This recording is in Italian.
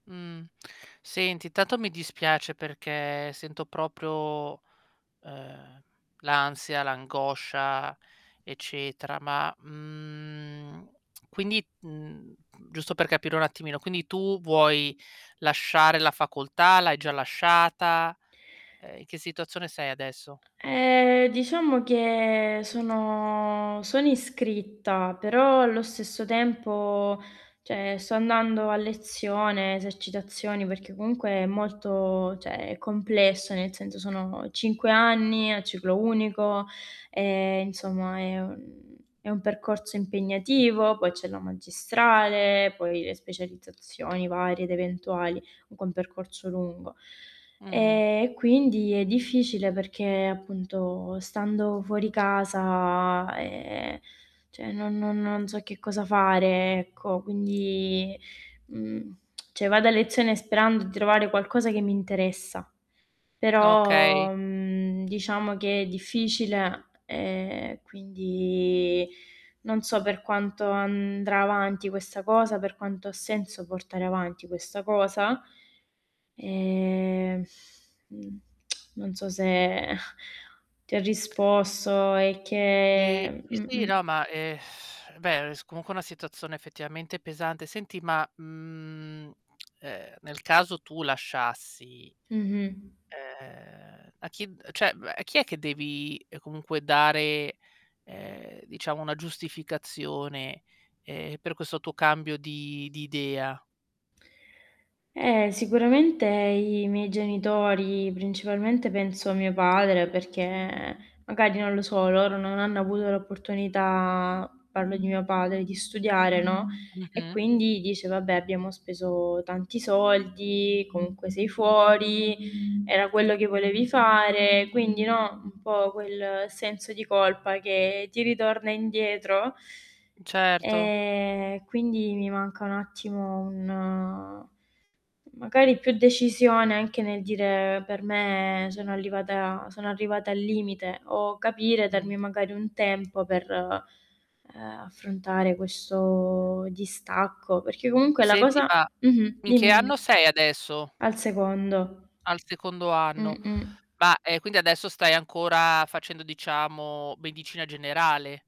Mhmm. Senti, intanto mi dispiace perché sento proprio, ehm, l'ansia, l'angoscia eccetera. Ma, mhmm quindi, mhmm, giusto per capire un attimino, quindi tu vuoi lasciare la facoltà? L'hai già lasciata? Ehm, in che situazione sei adesso? Ehm, diciamo che sono sono iscritta, però allo stesso tempo, cioè, sto andando a lezione, esercitazioni perché comunque è molto, cioè è complesso nel senso, sono 5 anni a ciclo unico, e insomma, è un è un percorso impegnativo, poi c'è la magistrale, poi le specializzazioni varie ed eventuali, comunque è un percorso lungo. Mh-mh. Ehm, e quindi è difficile, perché, appunto, stando fuori casa, ehm, cioè non non non so che cosa fare ecco, quindi, mhmm, cioè vado a lezione sperando di trovare qualcosa che mi interessa, Okay. però, mhmm, diciamo che è difficile e quindi, non so per quanto andrà avanti questa cosa, per quanto ha senso portare avanti questa cosa. Ehm, mhmm, non so se ti ho risposto e Eh, che sì, sì, mh-mh. no ma eh, beh, comunque è una situazione effettivamente pesante. Senti ma, mhmm, ehm, nel caso tu lasciassi, Mh-mh. ehm, a chi d cioè mhmm, a chi è che devi comunque dare, ehm, diciamo una giustificazione, ehm, per questo tuo cambio di di idea? Eh, sicuramente i miei genitori, principalmente penso mio padre, perché magari non lo so, loro non hanno avuto l'opportunità, parlo di mio padre di studiare, no, e Mh-mh. quindi dice: "Vabbè abbiamo speso tanti soldi, comunque sei fuori, era quello che volevi fare.", quindi no, un po' quel senso di colpa che ti ritorna indietro. Certo. E, quindi mi manca un attimo un magari più decisione anche nel dire per me, sono arrivata sono arrivata al limite, o capire Mh. darmi magari un tempo per, ehm, affrontare questo distacco, perché comunque la Senti cosa ma, mh-mh, in che dimmi anno dimmi. sei adesso? Al secondo. Al secondo anno. Mh-mh. Ma, ehm, quindi adesso stai ancora, facendo diciamo, medicina generale.